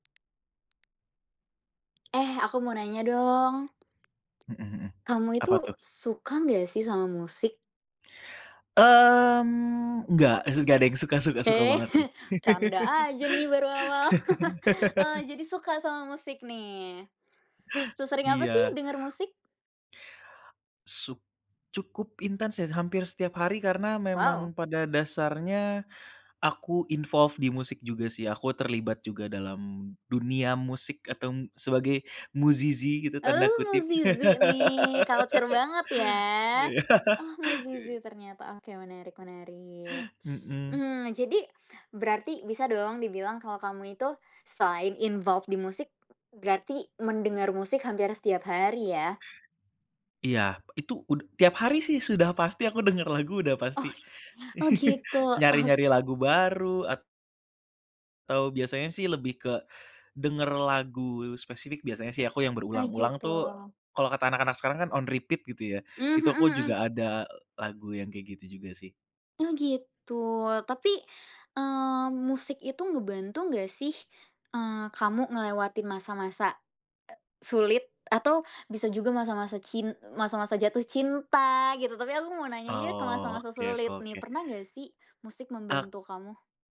Eh, aku mau nanya dong. Mhm mhm. Kamu itu Apa tuh? suka nggak sih sama musik? Mmm, nggak eh nggak deng suka suka suka, suka Eh, banget sih. canda aja nih baru awal. Eee, jadi suka sama musik nih. Sesering apa sih Iya. denger musik? Suk cukup intens ya hampir setiap hari karena memang Wow. pada dasarnya aku involves di musik juga sih, aku terlibat juga dalam dunia musik Oh. atau sebagai "musisi" gitu tanda Oh, kutip. musisi nih culture banget ya. Oh, musisi ternyata. Oke, menarik menarik, Mhm. mmm, jadi berarti bisa dong dibilang kalau kamu itu selain involved di musik berarti mendengar musik hampir setiap hari ya? Iya itu ud tiap hari sih sudah pasti aku denger lagu udah pasti. Oh. Oh, gitu ok Nyari-nyari lagu baru at Atau biasanya sih lebih ke denger lagu spesifik biasanya sih aku yang Ah, berulang-ulang tuh gitu. kalau kata anak-anak sekarang kan on repeat gitu ya. Mmm, Itu mhm aku mhm. juga ada lagu yang kayak gitu juga sih. Oh, gitu. Tapi, eee, musik itu ngebantu nggak sih, eee, kamu ngelewatin masa-masa, eee, sulit atau bisa juga masa-masa cin masa-masa jatuh cinta gitu. Tapi aku mau nanya nih ke Oh, masa-masa oke sulit ko nih, oke. pernah nggak sih musik Ak membantu kamu?